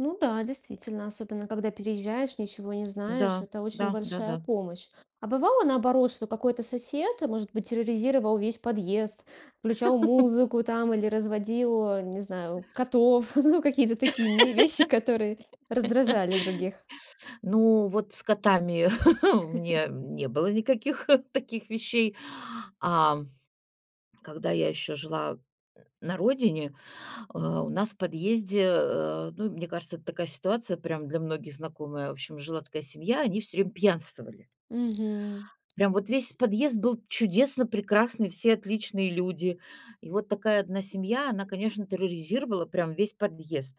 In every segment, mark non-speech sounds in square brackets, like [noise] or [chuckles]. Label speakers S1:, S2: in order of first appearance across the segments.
S1: Ну да, действительно, особенно когда переезжаешь, ничего не знаешь,
S2: Да,
S1: это очень
S2: да,
S1: большая
S2: да-да.
S1: помощь. А бывало наоборот, что какой-то сосед, может быть, терроризировал весь подъезд, включал
S2: [laughs]
S1: музыку там или разводил, э, не знаю, котов, [chuckles] ну, какие-то такие ме вещи, которые раздражали других.
S2: [laughs] Ну, вот с котами [chuckles] у
S1: [chuckles]
S2: меня не было никаких [chuckles] таких вещей, ам, когда я ещё жила н на родине, э, у нас в подъезде, э, ну, мне кажется, это такая ситуация прям для многих знакомая. В общем, жила такая семья, они всё время пьянствовали.
S1: Мгм.
S2: Прям вот весь подъезд был чудесно, прекрасный, все отличные люди. И вот такая 1 семья, она, конечно, терроризировала прям весь подъезд.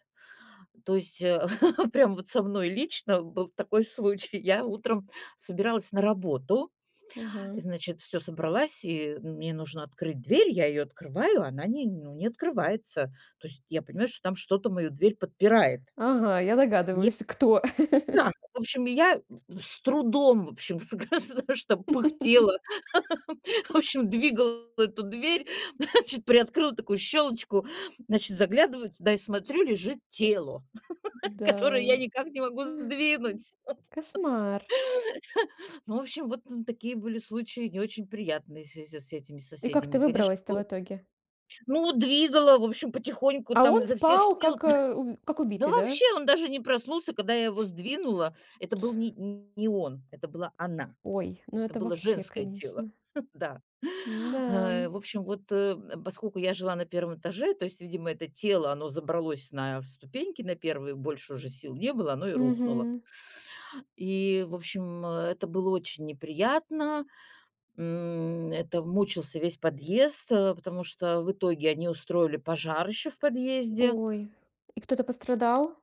S2: То есть, э, [laughs] прям вот со мной лично был такой случай. Я утром собиралась на работу,
S1: Мгм.
S2: значит, всё собралась, и мне нужно открыть дверь, я её открываю, она не ну, не открывается. То есть я понимаю, что там что-то мою дверь подпирает.
S1: Ага, я
S2: Не
S1: догадываюсь, кто. [laughs]
S2: Да, в общем, я с трудом, в общем, [laughs] в с г з нэ что пыхтела. [laughs]
S1: [laughs]
S2: В общем, двигала эту дверь, [chuckles] значит, приоткрыла такую щёлочку, значит, заглядываю туда и смотрю: лежит тело, [laughs] которое я
S1: Да.
S2: никак не могу сдвинуть.
S1: Кошмар.
S2: [laughs] Ну, в общем, вот, ну, такие были случаи не очень приятные в связи с этими
S1: И как ты
S2: соседями. Конечно,
S1: выбралась-то в
S2: было
S1: итоге?
S2: Ну, двигала, в общем, потихоньку,
S1: А
S2: там,
S1: он
S2: изо всех
S1: спал,
S2: сил.
S1: как, э, уб
S2: [chuckles] Д
S1: как
S2: да
S1: убитый, да?
S2: вообще, он даже не проснулся, когда я его сдвинула, это был не не он, это была она,
S1: Ой, ну
S2: это
S1: это
S2: было
S1: вообще,
S2: женское тело.
S1: конечно.
S2: [chuckles] Да,
S1: М-да.
S2: в общем, вот, э, поскольку я жила на 1 этаже, то есть, видимо, это тело, оно забралось на ступеньки на 1, больше уже сил не было, оно и рухнуло.
S1: Мгм.
S2: И, в общем, э, это было очень неприятно. М, это мучился весь подъезд, э, потому что в итоге они устроили пожар ещё в подъезде.
S1: Ой, и кто-то пострадал?